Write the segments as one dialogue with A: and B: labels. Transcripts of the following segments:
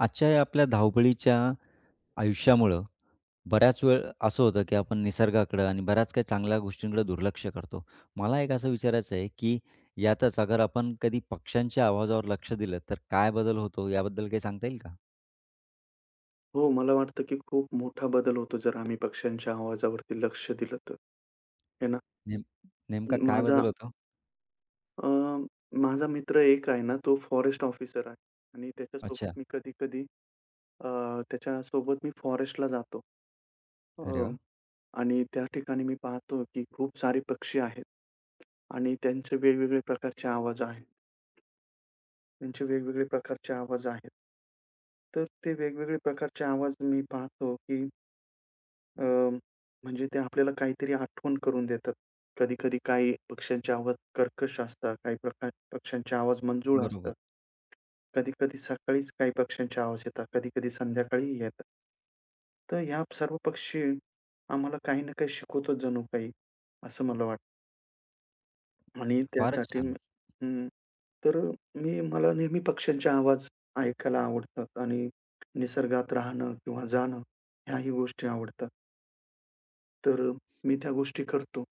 A: आजच्या आपल्या धावपळीच्या आयुष्यामुळं बऱ्याच वेळ असं होतं, की आपण निसर्गाकडं आणि बऱ्याच काही चांगल्या गोष्टींकडे दुर्लक्ष करतो. मला एक असं विचारायचं आहे, की यातच अगर आपण कधी पक्षांच्या आवाजावर लक्ष दिलं, तर काय बदल होतो? याबद्दल काही सांगता येईल का?
B: हो. मला वाटतं, की खूप मोठा बदल होतो, जर आम्ही पक्ष्यांच्या आवाजावरती लक्ष दिलं तर. है ना.
A: नेम नेमका
B: म
A: काय
B: माझा
A: बदल होतो?
B: अ, माझा मित्र एक आहे ना तो फॉरेस्ट ऑफिसर आहे आणि त्याच्यासोबत
A: अच्छा.
B: मी कधी-कधी अ, त्याच्यासोबत मी फॉरेस्टला जातो.
A: अरे
B: अ,
A: वाह!
B: आणि त्या ठिकाणी मी पाहतो, की खूप सारे पक्षी आहेत आणि त्यांचे वेगवेगळे प्रकारचे आवाज आहेत. त्यांचे वेगवेगळे प्रकारचे आवाज आहेत. तर ते वेगवेगळे प्रकारचे आवाज मी पाहतो की अ, म्हणजे ते आपल्याला काहीतरी आठवण करून देतात. कधी-कधी काही पक्ष्यांचे आवाज कर्कश असतात, काही प्रकार पक्ष्यांचे आवाज मंजुळ
A: बरोबर.
B: असतात. कधी-कधी सकाळीच काही पक्ष्यांच्या आवाज येतात. कधी-कधी संध्याकाळीही येतात. तर ह्या सर्व पक्षी, आम्हाला काही ना काही शिकवतो जणू काही. असं मला वाटतं. आणि
A: फारच
B: त्यासाठी अं,
A: छान.
B: उम्म तर मी मला नेहमी पक्ष्यांचे आवाज ऐकायला आवडतात आणि निसर्गात राहणं, किंवा जाणं ह्याही गोष्टी आवडतात. तर मी त्या गोष्टी करतो.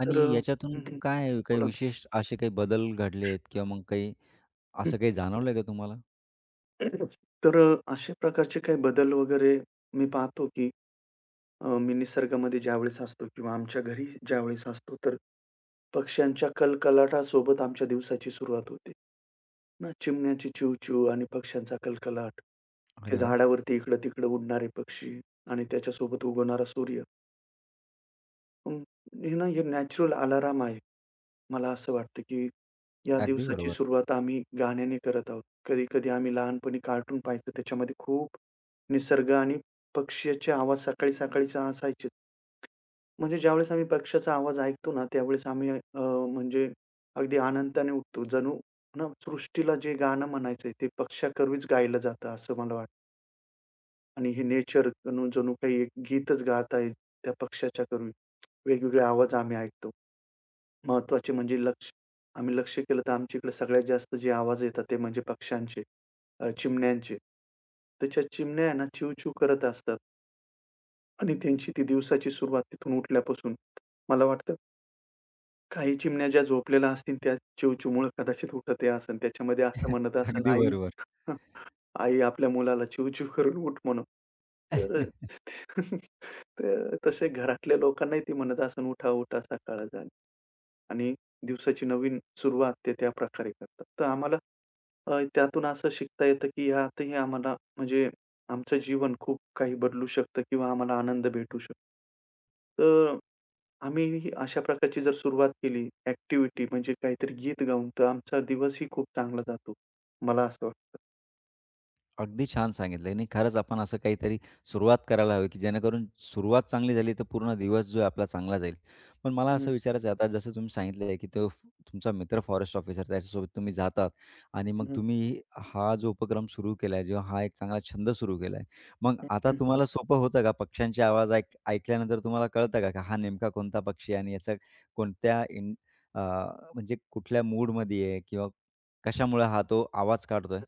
A: आणि
B: तर अ,
A: याच्यातून
B: हं, हं.
A: काय, काही
B: बोलाना.
A: विशेष असे काही बदल घडले आहेत? किंवा मग काही
B: हं,
A: असं काही
B: हं.
A: जाणवलंय का तुम्हाला?
B: तर अशा प्रकारचे काही बदल वगैरे मी पाहतो की, अ, मी निसर्गामध्ये ज्यावेळेस असतो. किंवा आमच्या घरी ज्यावेळेस असतो. तर पक्ष्यांच्या कलकलाटासोबत आमच्या दिवसाची सुरुवात होते. मग चिमण्यांची चिवचिव आणि पक्ष्यांचा कलकलाट. ते
A: अरे वाह!
B: झाडावरती इकडं-तिकडं उडणारे पक्षी आणि त्याच्यासोबत उगवणारा सूर्य. हं. हे ना हे नॅचरल अलार्म आहे. मला असं वाटतं, की या
A: अगदी
B: दिवसाची
A: बरोबर.
B: सुरुवात आम्ही गाण्याने करत आहोत. कधी-कधी आम्ही लहानपणी कार्टून पहायचं. त्याच्यामध्ये खूप निसर्ग आणि पक्ष्याचे आवाज सकाळी-सकाळी असायचे. म्हणजे ज्यावेळेस आम्ही पक्षाचा आवाज ऐकतो ना त्यावेळेस आम्ही अ, म्हणजे अगदी आनंदाने उठतो. जणू ना सृष्टीला जे गाणं म्हणायचंय ते पक्षाकर्वीच गायलं जातं. असं मला वाटतं. आणि हे नेचर जणू काही एक गीतच गात आहे. त्या पक्षाच्या कमी वेगवेगळे आवाज आम्ही ऐकतो. महत्वाचे म्हणजे लक्ष आम्ही लक्ष्य केलं तर आमच्या इकडे सगळ्यात जास्त जे आवाज येतात ते म्हणजे पक्षांचे. अ, चिमण्यांचे, त्याच्या चिमण्या आहे ना चिवचिव करत असतात. आणि त्यांची ती दिवसाची सुरुवात तिथून उठल्यापासून मला वाटतं काही चिमण्या ज्या झोपलेल्या असतील त्या चिवचिवमुळे कदाचित उठत असेन त्याच्यामध्ये असं म्हणत असेन,
A: अगदी
B: आई
A: बरोबर.
B: हं, आई आपल्या मुलाला चिवचिव करून उठ म्हणून. तर तर तसे घरातल्या लोकांनाही ते म्हणत असेन उठा-उठा सकाळ झाली आणि दिवसाची नवीन सुरुवात ते त्या प्रकारे करतात. तर आम्हाला अ, त्यातून असं शिकता येतं, की ह्यातही आम्हाला म्हणजे आमचं जीवन खूप काही बदलू शकतं किंवा आम्हाला आनंद भेटू शकतो. तर आम्ही अशा प्रकारची जर सुरुवात केली एक्टिव्हिटी म्हणजे काहीतरी गीत गाऊन तर आमचा दिवसही खूप चांगला जातो. मला असं वाटतं.
A: अगदी छान सांगितलंय आणि खरंच आपण असं काहीतरी सुरुवात करायला हवी, की जेणेकरून सुरुवात चांगली झाली तर पूर्ण दिवस जो आहे आपला चांगला जाईल. पण मला
B: हं, हं.
A: असं विचारायचं आहे आता जसं तुम्ही सांगितलंय, की तो तुमचा मित्र फॉरेस्ट ऑफिसर त्याच्यासोबत तुम्ही जातात आणि
B: हं,
A: मग
B: हं.
A: तुम्ही हा जो उपक्रम सुरू केलाय जेव्हा हा एक चांगला छंद सुरू केलाय. मग आता
B: ओके.
A: तुम्हाला सोपं होतं का पक्ष्यांचे आवाज ऐक ऐकल्यानंतर तुम्हाला कळतं का हा नेमका कोणता पक्षी आहे? आणि याचा कोणत्या इन अ, म्हणजे कुठल्या मूडमध्ये आहे किंवा कशामुळे हा तो आवाज काढतोय?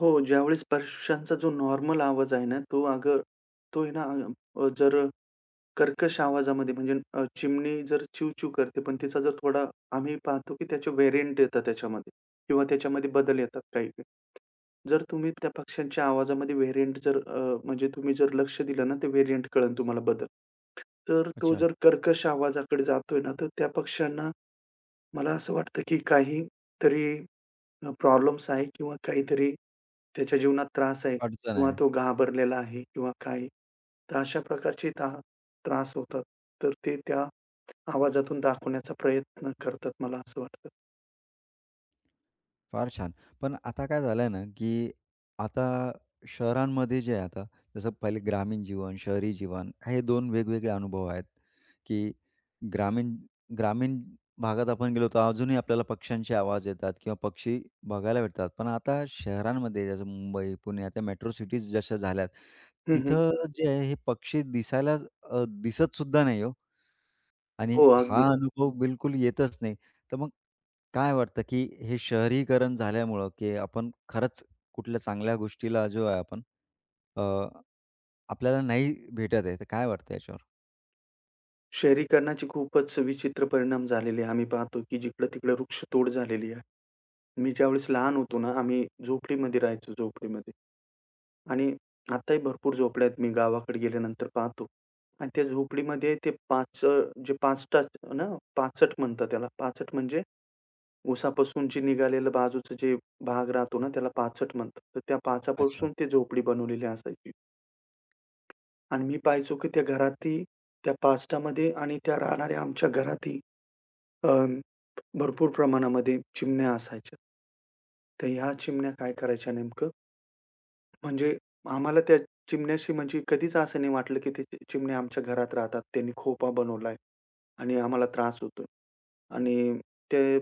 B: हो, ज्यावेळी पक्षांचा जो नॉर्मल आवाज आहे ना, तो अगर तो आहे ना, अ, जर कर्कश आवाजामध्ये, म्हणजे अ, चिमणी जर चिवचिव करते, पण तिचा जर थोडा आम्ही पाहतो, की त्याचे व्हेरियंट येतात त्याच्यामध्ये किंवा त्याच्यामध्ये बदल येतात काही काही. जर तुम्ही त्या पक्ष्यांच्या आवाजामध्ये व्हेरियंट जर अ, म्हणजे तुम्ही जर लक्ष दिलं ना तर व्हेरियंट कळेल तुम्हाला बदल. तर तो
A: अच्छा.
B: जर कर्कश आवाजाकडे जातोय ना, तर त्या पक्षांना, मला असं वाटतं, की काहीतरी अ, प्रॉब्लेम्स आहे किंवा काहीतरी त्याच्या जीवनात त्रास आहे
A: अडचण
B: किंवा
A: आहे.
B: तो घाबरलेला आहे किंवा काही. तर अशा प्रकारची त्रा त्रास होतात. तर ते त्या आवाजातून दाखवण्याचा प्रयत्न करतात, मला असं वाटतं.
A: फार छान. पण आता काय झालं ना, की आता शहरांमध्ये जे आहे, आता, जसं पहिले ग्रामीण जीवन, शहरी जीवन, हे 2 वेगवेगळे अनुभव आहेत, की ग्रामीण ग्रामीण भागात आपण गेलो, तर अजूनही आपल्याला पक्ष्यांचे आवाज येतात किंवा पक्षी बघायला भेटतात. पण आता शहरांमध्ये जसं मुंबई, पुणे, आता मेट्रो सिटीज जशा झाल्यात,
B: हं, हं.
A: तिथं जे आहे हे पक्षी दिसायला अ, दिसतसुद्धा नाही हो. आणि
B: हो, अगदी.
A: हा अनुभव बिलकुल येतच नाही. तर मग काय वाटतं, की हे शहरीकरण झाल्यामुळं, की आपण खरंच कुठल्या चांगल्या गोष्टीला जो आहे आपण अ, आपल्याला नाही भेटत आहे, तर काय वाटतंय याच्यावर?
B: शहरीकरणाचे खूपच विचित्र परिणाम झालेले आहे. आम्ही पाहतो, की जिकडं-तिकडं वृक्षतोड झालेली आहे. मी ज्यावेळेस लहान होतो ना, आम्ही झोपडीमध्ये राहायचो, झोपडीमध्ये आणि आताही भरपूर झोपड्या आहेत मी गावाकडे गेल्यानंतर पाहतो आणि त्या झोपडीमध्ये ते पाच अ, जे पाचट ना, पाचट म्हणतात त्याला पाचट. म्हणजे उसापासून जे निघालेलं बाजूचं जे भाग राहतो ना, त्याला पाचट म्हणतात. तर त्या
A: अच्छा.
B: पाचापासून ते झोपडी बनवलेली असायची. आणि मी पहायचो, की त्या घरातही, त्या पाचटामध्ये आणि त्या राहणाऱ्या आमच्या घरातही अ, भरपूर प्रमाणामध्ये चिमण्या असायच्या. तर ह्या चिमण्या काय करायच्या नेमकं म्हणजे आम्हाला त्या चिमण्याशी म्हणजे कधीच असं नाही वाटलं, की ते चिमण्या आमच्या घरात राहतात, त्यांनी खोपा बनवलाय आणि आम्हाला त्रास होतोय आणि ते,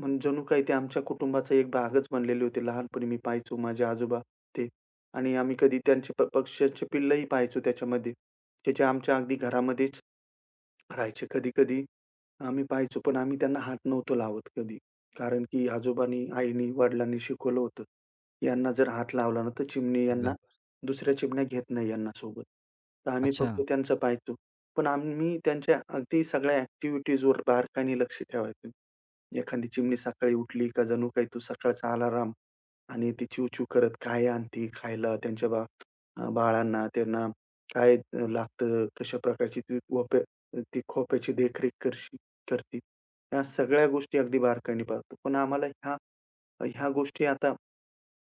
B: मग जणू काही ते आमच्या कुटुंबाचा एक भागच बनलेले होते. लहानपणी मी पाहायचो माझे आजोबा ते आणि आम्ही कधी त्यांचे प-पक्ष्याचे पिल्लंही पाहायचो त्याच्यामध्ये. त्याचे आमच्या अगदी घरामध्येच राहायचे, कधी-कधी आम्ही पाहायचो, पण आम्ही त्यांना हात नव्हतो लावत कधी. कारण की आजोबांनी, आईनी, वडिलांनी शिकवलं होतं. यांना जर हात लावला ना, तर चिमणी यांना,
A: घाबर.
B: दुसऱ्या चिमण्या घेत नाही यांना सोबत. तर आम्ही फक्त
A: अच्छा.
B: त्यांचं पहायचो. पण आम्ही त्यांच्या अगदी सगळ्या अ‍ॅक्टिव्हिटीजवर बारकाईने लक्ष ठेवायचं. एखादी चिमणी सकाळी उठली का जणू काही तो सकाळचा आलाराम आणि ती चिव-चिव करत काय आणती खायला त्यांच्या बा अ, बाळांना. त्यांना काय अ, लागतं, कशा प्रकारची ती वप्या ती खोप्याची देखरेख करशी करती, ह्या सगळ्या गोष्टी अगदी बारकाईने पाहतो. पण आम्हाला ह्या, ह्या गोष्टी आता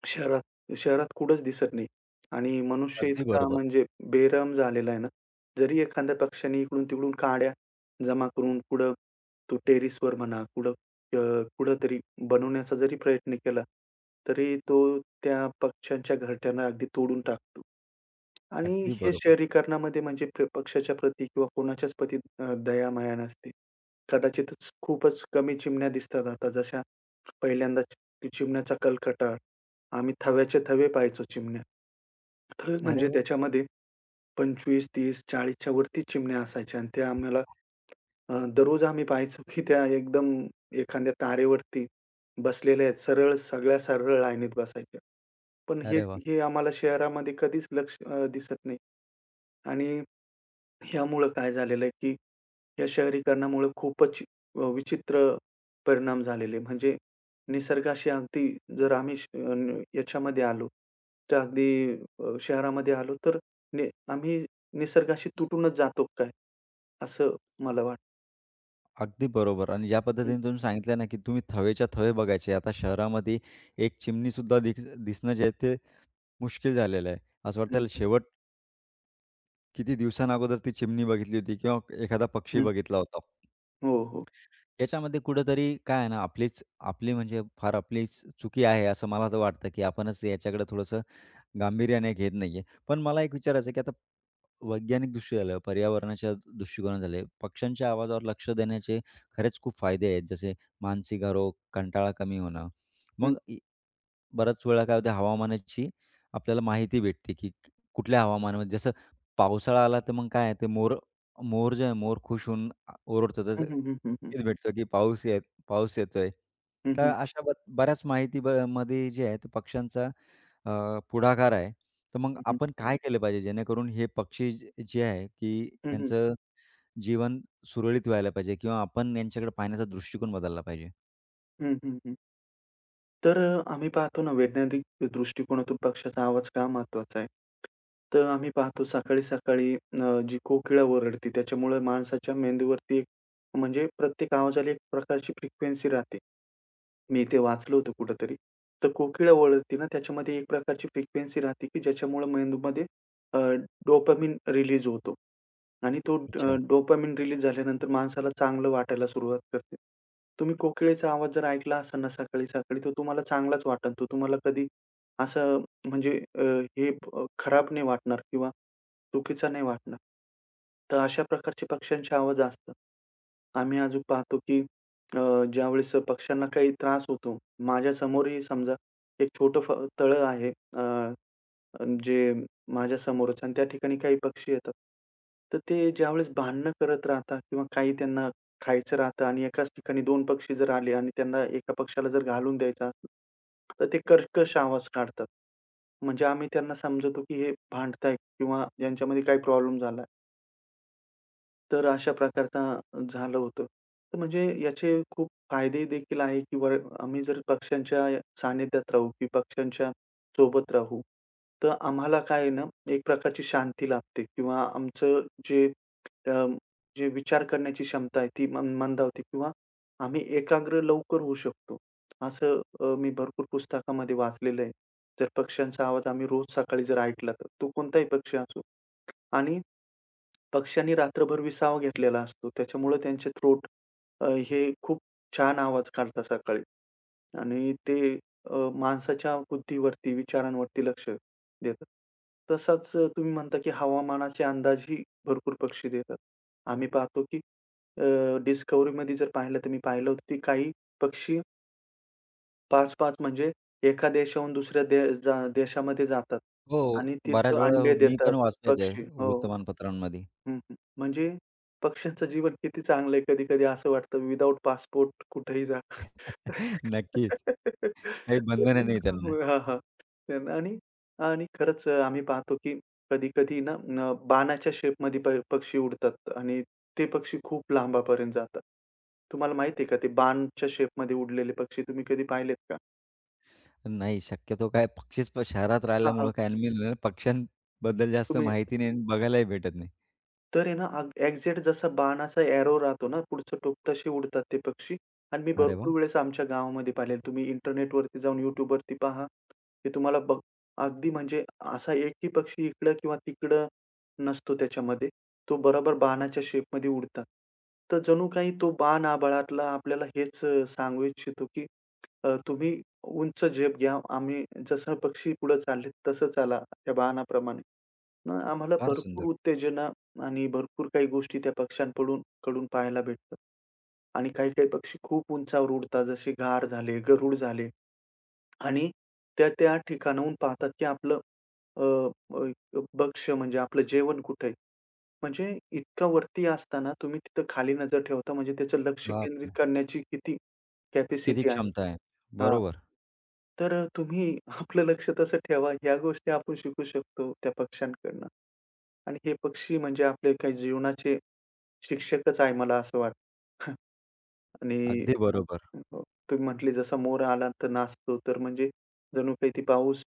B: शहरात शहरात कुठेच दिसत नाही आणि मनुष्य
A: अगदी
B: इतका
A: बरोबर.
B: म्हणजे बेरहम झालेला आहे ना. जरी एखाद्या पक्षाने इकडून-तिकडून काड्या जमा करून कुठं तो टेरेसवर म्हणा, कुठं अ, कुठेतरी बनवण्याचा जरी प्रयत्न केला, तरी तो त्या पक्ष्यांच्या घरट्यांना अगदी तोडून टाकतो आणि
A: अगदी
B: हे
A: बरोबर.
B: शहरीकरणामध्ये म्हणजे प-पक्षाच्या प्रती किंवा कोणाच्याच प्रती अ, दयामाया नसते. कदाचितच खूपच कमी चिमण्या दिसतात आता. जशा पहिल्यांदाच की चिमण्याचा कलकलाट आम्ही थव्याचे-थवे पहायचो चिमण्या. थवे
A: अरे
B: म्हणजे
A: वाह!
B: त्याच्यामध्ये 25, 30, 40 च्यावरती चिमण्या असायच्या आणि त्या आम्हाला अ, दररोज आम्ही पाहायचो, की त्या एकदम एखाद्या तारेवरती बसलेल्या आहेत. सरळ सगळ्या, सरळ लाईनीत बसायच्या. पण
A: अरे
B: हेच
A: वाह!
B: हे आम्हाला शहरामध्ये कधीच लक्ष अ, दिसत नाही आणि ह्यामुळे काय झालेलं आहे, की या शहरीकरणामुळे खूपच अ, विचित्र परिणाम झालेले. म्हणजे निसर्गाशी अगदी जर आम्ही श अ, न, याच्यामध्ये आलो, तर अगदी अ, शहरामध्ये आलो तर ने आम्ही निसर्गाशी तुटूनच जातो काय? असं मला वाटतं.
A: अगदी बरोबर. आणि ज्या
B: हं.
A: पद्धतीने तुम्ही सांगितलं ना की तुम्ही थवेच्या-थवे बघायचे. आता शहरामध्ये एक चिमनीसुद्धा दिख-दिसणं जे आहे ते मुश्कील झालेलं आहे. असं वाटतंय
B: हं,
A: त्याला
B: हं.
A: शेवट. किती दिवसानं अगोदर ती चिमनी बघितली होती किंवा "एखादा पक्षी"
B: हं.
A: बघितला होता.
B: हो, हो.
A: याच्यामध्ये कुठेतरी काय आहे ना, आपलीच आपली म्हणजे फार आपलीच चुकी आहे, असं मला तर वाटतं की आपणच याच्याकडे थोडंसं गांभीर्याने घेत नाही आहे. पण मला एक विचारायचं, की आता, वैज्ञानिकदृष्टी झालं, पर्यावरणाच्या दृष्टिकोनं झाले, पक्ष्यांच्या आवाजावर लक्ष देण्याचे खरेच खूप फायदे आहेत. जसे मानसिक आरोग, कंटाळा कमी होणं.
B: हं.
A: मग या, "बऱ्याच वेळा" काय होतं, हवामानाची आपल्याला माहिती भेटते की क कुठल्या हवामानामध्ये, जसं पावसाळा आला तर, मग काय आहे, मोर मोर जे आहेत मोर खुश होऊन अ, ओरडतात.
B: हं,
A: जसे
B: हं, हं, हं, हं.
A: भेटते की पाऊसही पाऊस येतोय.
B: हं,
A: तर
B: हं.
A: अशा ब बऱ्याच माहिती म मध्ये जे आहे ते पक्ष्यांचा अ, पुढाकार आहे. तर मग
B: हं, हं.
A: आपण काय केलं पाहिजे, जेणेकरून हे पक्षी, जे आहे की
B: हं, हं.
A: यांचं जीवन सुरळीत व्हायला पाहिजे किंवा आपण यांच्याकडे पाहण्याचा दृष्टिकोन बदलला पाहिजे?
B: हं, हं, हं. तर अ, आम्ही पाहतो ना वैज्ञानिक दृष्टिकोनातून पक्ष्याचा आवाज का महत्त्वाचा आहे? तर आम्ही पाहतो सकाळी-सकाळी न अ, जी कोकिळा ओरडते त्याच्यामुळे माणसाच्या मेंदूवरती एक म्हणजे प्रत्येक आवाजाला एक प्रकारची फ्रिक्वेन्सी राहते. मी ते वाचलं होतं कुठेतरी. तर कोकिळा ओरडते ना त्याच्यामध्ये एक प्रकारची फ्रिक्वेन्सी राहते, की ज्याच्यामुळे मेंदूमध्ये अ, डोपामाइन रिलीज होतो. आणि तो अ,
A: अच्छा.
B: डोपामाइन रिलीज झाल्यानंतर माणसाला चांगलं वाटायला सुरुवात करते. तुम्ही कोकिळेचा आवाज जर ऐकला असेल ना सकाळी-सकाळी तो तुम्हाला चांगलाच वाटल तो तुम्हाला कधी, असं म्हणजे अ, हे ब खराब नाही वाटणार किंवा चुकीचा नाही वाटणार. तर अशा प्रकारचे पक्ष्यांचे आवाज असतात. आम्ही अजून पाहतो, की अ, ज्यावेळेस पक्ष्यांना काही त्रास होतो, माझ्या समोरही समजा एक छोटं फ तळं आहे. अ, अ, जे माझ्या समोरच आणि त्या ठिकाणी काही पक्षी येतात. तर ते ज्यावेळेस भांडणं करत राहतात किंवा काही त्यांना खायचं राहतं आणि एकाच ठिकाणी 2 पक्षी जर आले आणि त्यांना एका पक्ष्याला जर घालून द्यायचा असेल, तर ते कर्कश आवाज काढतात. म्हणजे आम्ही त्यांना समजतो, की हे भांडतायत किंवा ह्यांच्यामध्ये काही प्रॉब्लेम झालाय. तर अशा प्रकारचा झालं होतं. म्हणजे याचे खूप फायदे देखील आहे किंवा आम्ही जर पक्षांच्या सानिध्यात राहू किंवा पक्षांच्या, सोबत राहू, तर आम्हाला काय आहेना एक प्रकारची शांती लाभते किंवा आमचं जे अ, जे विचार करण्याची क्षमता आहे ती मं मंदावते किंवा आम्ही एकाग्र लवकर होऊ शकतो. असं अ, मी भरपूर पुस्तकामध्ये वाचलेलं आहे. जर पक्षांचा आवाज आम्ही रोज सकाळी जर ऐकला तर तो कोणताही पक्षी असो आणि पक्ष्यांनी रात्रभर विसावा घेतलेला असतो. त्याच्यामुळे त्यांचे थ्रोट अ, हे खूप छान आवाज काढतात सकाळी आणि ते अ, माणसाच्या बुद्धीवरती विचारांवरती लक्ष देतात. तसाच तुम्ही म्हणता की हवामानाचे अंदाजही भरपूर पक्षी देतात. आम्ही पाहतो की अ, डिस्कव्हरीमध्ये जर पाहिलं तर मी पाहिलं होतं की काही पक्षी 5-5 म्हणजे एका देशाहून दुसऱ्या दे जा देशामध्ये जातात
A: हो,
B: आणि
A: बऱ्याच
B: तिथं
A: वेळा
B: अंडे
A: मी
B: देतात
A: पण वाचले ते
B: पक्षी. हो.
A: वृत्तमानपत्रांमध्ये.
B: हं, हं. म्हणजे पक्ष्यांचं जीवन किती चांगलंय कधी-कधी असं वाटतं विथआऊट पासपोर्ट कुठेही जा.
A: नक्कीच काही बंधन नाही त्यांना.
B: हां, हां त्याना आणि आणि खरंच आम्ही पाहतो की कधी-कधी आहे ना, न बाणाच्या शेपमध्ये प पक्षी उडतात आणि ते पक्षी खूप लांबापर्यंत जातात. तुम्हाला माहितीये का ते बाणच्या शेपमध्ये उडलेले पक्षी तुम्ही कधी पाहिलेत का?
A: नाही शक्यतो काय पक्षीच शहरात
B: हां, हां.
A: राहिल्यामुळं काय मी म्हणलं ना पक्ष्यांबद्दल, जास्त
B: तुम्ही
A: माहिती नाही अन् बघायलाही भेटत नाही.
B: तर हे ना अग एक्झॅक्ट जसा बाणाचा ॲरो राहतो ना पुढचं टोक तसे उडतात ते पक्षी आणि मी
A: अरे वाह!
B: भरपूर वेळेस आमच्या गावामध्ये पाहिलेलं तुम्ही इंटरनेटवरती जाऊन YouTubवरती पहा. हे तुम्हाला बघ अगदी म्हणजे असा एकही पक्षी इकडं किंवा तिकडं नसतो त्याच्यामध्ये. तो बरोबर बाणाच्या शेप मध्ये उडतात तर जणू काही तो बाण आभाळातला आपल्याला हेच सांगू इच्छितो, की अ, तुम्ही उंच झेप घ्या आम्ही जसं पक्षी पुढे चाललेत तसं चाला त्या बाणाप्रमाणे. मग आम्हाला
A: फार
B: भरपूर
A: सुंदर.
B: उत्तेजना आणि भरपूर काही गोष्टी त्या पक्ष्यांकडून पडून कडून पाहायला भेटतात आणि काही-काही पक्षी खूप उंचावर उडतात, जसे घार झाले, गरुड झाले आणि ते त्या ठिकाणावरून पाहतात आपलं अ, अ, भक्ष म्हणजे आपलं जेवण कुठे आहे? म्हणजे इतका वरती असताना तुम्ही तिथं खाली नजर ठेवता म्हणजे त्याचं लक्ष
A: बाप
B: केंद्रित
A: रे!
B: करण्याची किती
A: किती
B: कॅपॅसिटी आहे,
A: क्षमता आहे?
B: हां.
A: बरोबर.
B: तर तुम्ही आपलं लक्ष कसं ठेवा. ह्या गोष्टी आपण शिकू शकतो त्या पक्ष्यांकडनं आणि हे पक्षी म्हणजे आपले काही जीवनाचे शिक्षकच आहे मला असं वाटतं आणि
A: अगदी बरोबर.
B: अ, तुम्ही म्हटले जसा मोर आला तर नाचतो तर म्हणजे जणू काही ती पाऊस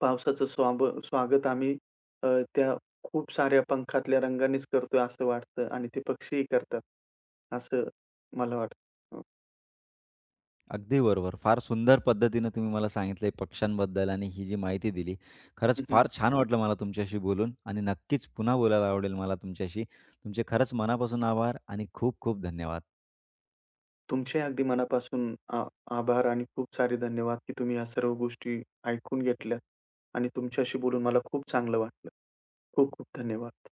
B: पावसाचं स्वाब स्वागत आम्ही अ, त्या खूप साऱ्या पंखातल्या रंगानेच करतोय असं वाटतं आणि ते पक्षीही करतात असं मला वाटतं, हं.
A: अगदी बरोबर. फार सुंदर पद्धतीने तुम्ही मला सांगितलंय पक्षांबद्दल आणि ही जी माहिती दिली. खरंच
B: हं, हं.
A: फार छान वाटलं मला तुमच्याशी बोलून आणि नक्कीच पुन्हा बोलायला आवडेल मला तुमच्याशी. तुमचे खरंच मनापासून आभार आणि खूप-खूप धन्यवाद.
B: तुमचे अगदी मनापासून आ आभार आणि खूप सारे धन्यवाद की तुम्ही या सर्व गोष्टी ऐकून घेतल्यात आणि तुमच्याशी बोलून मला खूप चांगलं वाटलं. खूप-खूप धन्यवाद.